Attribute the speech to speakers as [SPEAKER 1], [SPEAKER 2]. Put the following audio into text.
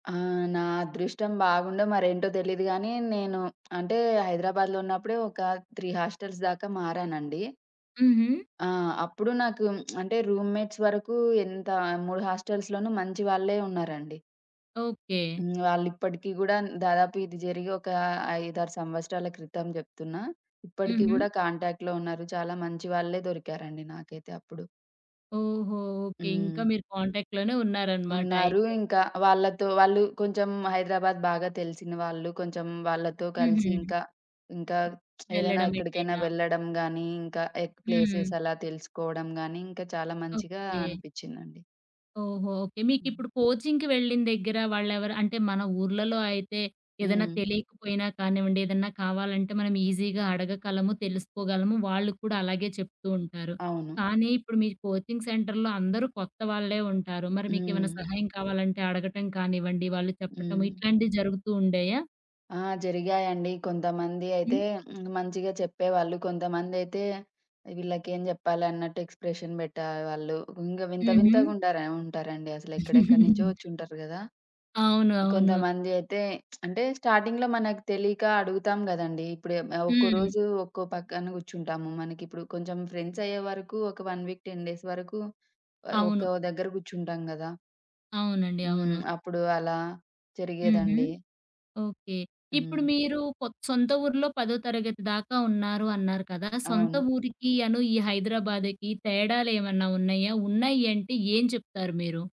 [SPEAKER 1] ఆ! నా అదృష్టం బాగుండో మరేంటో దెలీదు గానీ, నేను అంటే హైదరాబాద్‌లో ఉన్నప్పుడు ఒక 3 హాస్టల్స్ దాకా మారానండి.
[SPEAKER 2] హుహు.
[SPEAKER 1] ఆ! అప్పుడు నాకు అంటే రూమ్మేట్స్ వరకు ఎంత 3 హాస్టల్స్‌లోనూ మంచి వాళ్ళే ఉన్నారండి.
[SPEAKER 2] ఓకే.
[SPEAKER 1] హ్మ్. వాళ్ళి‌ప్ప‌డికి గూడా, దాదాపు ఇది జరిగి ఒక 5, 6 సంవత్సరాల క్రితం జెప్తున్నా. ఇప్పడికి
[SPEAKER 2] హుహు.
[SPEAKER 1] గూడా కాంటాక్ట్‌లో ఉన్నారు. చాలా మంచి వాళ్ళే దొరికారండి నాకైతే అప్పుడు.
[SPEAKER 2] ఓహో! ఓకే. ఇంకా
[SPEAKER 1] హ్మ్.
[SPEAKER 2] మీరు కాంటాక్ట్‌లోనే
[SPEAKER 1] ఉన్నారు.
[SPEAKER 2] ఉన్నారన‌మాటయితే.
[SPEAKER 1] ఇంకా వాళ్ళతో వాళ్ళు కొంచెం హైదరాబాద్ బాగా తెలిసిన వాళ్ళు. కొంచెం వాళ్ళతో
[SPEAKER 2] హుహు.
[SPEAKER 1] కలిసి ఇంకా ఇంకా ఏదైనా
[SPEAKER 2] వెళ్ళడం
[SPEAKER 1] ఎక్కడికైనా
[SPEAKER 2] ఎటైనా.
[SPEAKER 1] వెళ్లడం గానీ, ఇంకా ఎక్
[SPEAKER 2] హ్మ్.
[SPEAKER 1] ప్లేసెస్ అలా తెలుసుకోవడం గానీ, ఇంకా చాలా మంచిగా
[SPEAKER 2] ఓకే.
[SPEAKER 1] అనిపిచ్చిందండి.
[SPEAKER 2] ఓహో! ఓకే.
[SPEAKER 1] హ్మ్.
[SPEAKER 2] మీకిప్పుడు కోచింగ్‌కి వెళ్ళిన దగ్గర వాళ్ళెవరు అంటే మన ఊర్లలో అయితే ఏదన్నా
[SPEAKER 1] హ్మ్.
[SPEAKER 2] తెలియకపోయినా కానివ్వండి, ఏదన్నా కావాలంటే మనం ఈజీగా అడగగలము, తెలుసుకోగలము, వాళ్ళు కూడా అలాగే చెప్తూ ఉంటారు.
[SPEAKER 1] అవును.
[SPEAKER 2] కానీ, ఇప్పుడు మీరు కోచింగ్ సెంటర్‌లో అందరూ కొత్తవాళ్ళే ఉంటారు. మరి మీకే‌మన్నా
[SPEAKER 1] హ్మ్.
[SPEAKER 2] సహాయం కావాలంటే, అడగటం కానివ్వండి, వాళ్ళు చెప్పటము,
[SPEAKER 1] హ్మ్.
[SPEAKER 2] ఇట్లాంటియి జరుగుతూ ఉండేయా?
[SPEAKER 1] ఆ! జరిగాయండి. కొంతమంది అయితే
[SPEAKER 2] హ్మ్.
[SPEAKER 1] హ్మ్. మంచిగా చెప్పేవాళ్ళు. కొంతమందయితే వీళ్ళకేం జెప్పాలి అన్నట్టు ఎక్స్‌ప్రెషన్ బెట్టే వాళ్ళు. ఇంగ వింత, వింతగా
[SPEAKER 2] హుహు.
[SPEAKER 1] ఉండార ఉంటారండి. అసలెక్కడెక్కడి నుంచో ఒచ్చుంటారు గదా!
[SPEAKER 2] అవును. అవును.
[SPEAKER 1] కొంతమంది అయితే అంటే, స్టార్టింగ్‌లో మనకు తెలియక అడుగుతాం గదండీ! ఇప్పుడే‌ ఆహ్, ఒక్కో
[SPEAKER 2] హ్మ్.
[SPEAKER 1] రోజు ఒక్కో పక్కన గుర్చుంటాము. మనకిప్పుడు కొంచెం ఫ్రెండ్స్ అయ్యేవరకు ఒక 1 వీక్, 10 డేస్ వరకు ఆహ్,
[SPEAKER 2] అవును.
[SPEAKER 1] ఒక్కో దగ్గర గుర్చుంటాం గదా!
[SPEAKER 2] అవునండి.
[SPEAKER 1] హ్మ్.
[SPEAKER 2] అవును.
[SPEAKER 1] అప్పుడు అలా
[SPEAKER 2] హుహు.
[SPEAKER 1] జరిగేదండి.
[SPEAKER 2] ఓకే. ఇప్పుడు
[SPEAKER 1] హ్మ్.
[SPEAKER 2] మీరు కొత్ సొంత ఊరిలో పదో తరగతి దాకా ఉన్నారు అన్నారు కదా! సొంత
[SPEAKER 1] అవును.
[SPEAKER 2] ఊరికి అను ఈ హైదరాబాదుకి తేడాలు ఏమన్నా ఉన్నయా? ఉన్నయి అంటే, ఏం చెప్తారు మీరు?